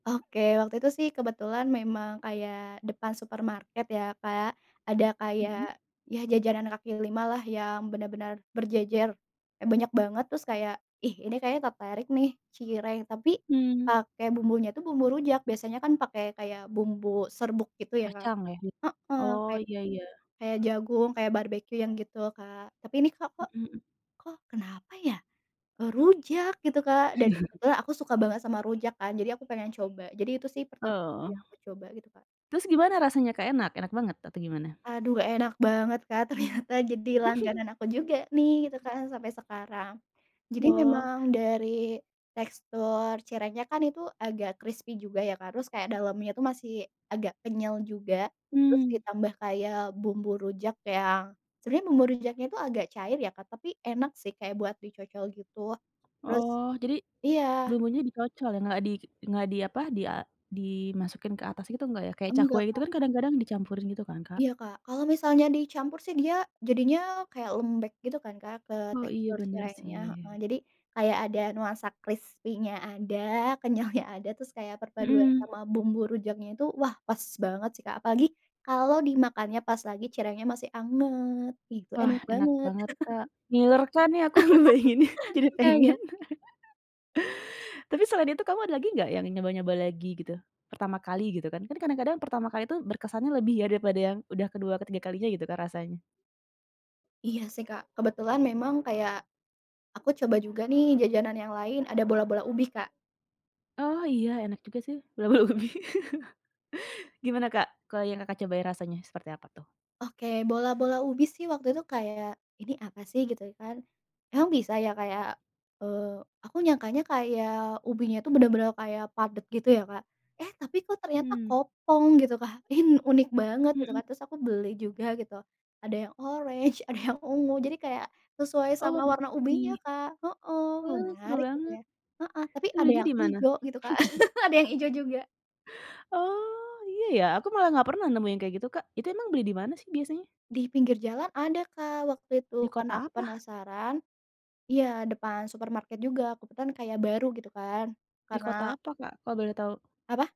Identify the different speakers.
Speaker 1: Oke, waktu itu sih kebetulan memang kayak depan supermarket ya, Kak, ada
Speaker 2: Mhm.
Speaker 1: kayak ya jajanan kaki lima lah, yang benar-benar berjejer. Kayak banyak banget, terus kayak, "Ih, ini kayaknya tertarik nih, cireng, tapi
Speaker 2: Hmm.
Speaker 1: pakai bumbunya itu bumbu rujak". Biasanya kan pakai kayak bumbu serbuk gitu ya, kan,
Speaker 2: Kacang, ya?
Speaker 1: heeh.
Speaker 2: Oh,
Speaker 1: Kayak
Speaker 2: iya iya.
Speaker 1: kayak jagung, kayak barbekyu, yang gitu, Kak. Tapi ini, Kak, kok
Speaker 2: Mhm hmm.
Speaker 1: kok kenapa ya, eee, rujak, gitu, Kak, dan kebetulan aku suka banget sama rujak kan, jadi aku pengen coba. Jadi itu sih pertama
Speaker 2: Oh.
Speaker 1: kali aku coba, gitu, Kak.
Speaker 2: Terus gimana rasanya, Kak? Enak? Enak banget atau gimana?
Speaker 1: Aduh, enak banget, Kak, ternyata, jadi langganan aku juga nih, gitu kan, sampai sekarang. Jadi
Speaker 2: Wow.
Speaker 1: memang dari tekstur cirengnya kan itu agak krispi juga ya, Kak, terus kayak dalamnya itu masih agak kenyal juga, terus
Speaker 2: Mmm.
Speaker 1: ditambah kayak bumbu rujak yang sebenarnya bumbu rujaknya itu agak cair ya, Kak, tapi enak sih kayak buat dicocol, gitu. Terus
Speaker 2: Oh, jadi,
Speaker 1: iya.
Speaker 2: bumbunya dicocol, ya? Nggak di nggak di apa, di a dimasukin ke atas gitu nggak, ya? Kayak cakwe
Speaker 1: Enggak,
Speaker 2: gitu
Speaker 1: Kak.
Speaker 2: kan kadang-kadang dicampurin, gitu kan, Kak?
Speaker 1: Iya, Kak. Kalau misalnya dicampur sih, dia jadinya kayak lembek, gitu kan, Kak, ke
Speaker 2: Oh, iya,
Speaker 1: tekstur
Speaker 2: bener,
Speaker 1: cirengnya, heeh.
Speaker 2: sih.
Speaker 1: Jadi, kayak ada nuansa krispinya ada, kenyalnya ada, terus kayak perpaduan
Speaker 2: Mhm.
Speaker 1: sama bumbu rujaknya itu, wah, pas banget sih, Kak. Apalagi kalau dimakannya pas lagi cirengnya masih anget, ih, itu
Speaker 2: Wah,
Speaker 1: enak
Speaker 2: enak
Speaker 1: banget.
Speaker 2: banget, Kak. Ngiler
Speaker 1: I
Speaker 2: kan nih aku ngebayanginnya, jadi
Speaker 1: Oh, ya ya?
Speaker 2: pengin. Tapi selain itu kamu ada lagi nggak yang nyoba-nyoba lagi, gitu? Pertama kali, gitu kan. Kan kadang-kadang pertama kali itu berkesannya lebih ya, daripada yang udah ke-2, ke-3 kalinya, gitu kan, rasanya.
Speaker 1: Iya sih, Kak. Kebetulan memang kayak aku coba juga nih jajanan yang lain, ada bola-bola ubi, Kak.
Speaker 2: Oh, iya, enak juga sih, bola-bola ubi. Gimana, Kak, ke yang Kakak coba, rasanya seperti apa tuh?
Speaker 1: Oke, bola-bola ubi sih waktu itu kayak, "Ini apa sih?", gitu kan. Emang bisa ya kayak, eee, aku nyangkanya kayak ubinya itu bener-bener kayak padat, gitu ya, Kak. Eh, tapi kok ternyata
Speaker 2: Hmm.
Speaker 1: kopong, gitu, Kak. Ini unik banget, gitu kan.
Speaker 2: Mhm.
Speaker 1: Terus aku beli juga gitu, ada yang oranye, ada yang ungu, jadi kayak sesuai
Speaker 2: Oh,
Speaker 1: sama warna ubinya,
Speaker 2: warna-warni.
Speaker 1: Kak, heeh.
Speaker 2: Oh, seru
Speaker 1: Menarik, gitu
Speaker 2: banget.
Speaker 1: ya, heeh. Tapi
Speaker 2: Itu
Speaker 1: ada
Speaker 2: belinya
Speaker 1: yang
Speaker 2: di mana?
Speaker 1: hijau, gitu, Kak. Ada yang hijau juga.
Speaker 2: Oh, iya ya. Aku malah nggak pernah nemuin kayak gitu, Kak. Itu emang beli di mana sih biasanya?
Speaker 1: Di pinggir jalan ada, Kak, waktu itu.
Speaker 2: Di
Speaker 1: Karena aku
Speaker 2: kota apa?
Speaker 1: penasaran iya, depan supermarket juga. Kebetulan kayak baru, gitu kan.
Speaker 2: Di kota
Speaker 1: Karena
Speaker 2: apa, Kak? Kalau boleh tahu?
Speaker 1: Apa?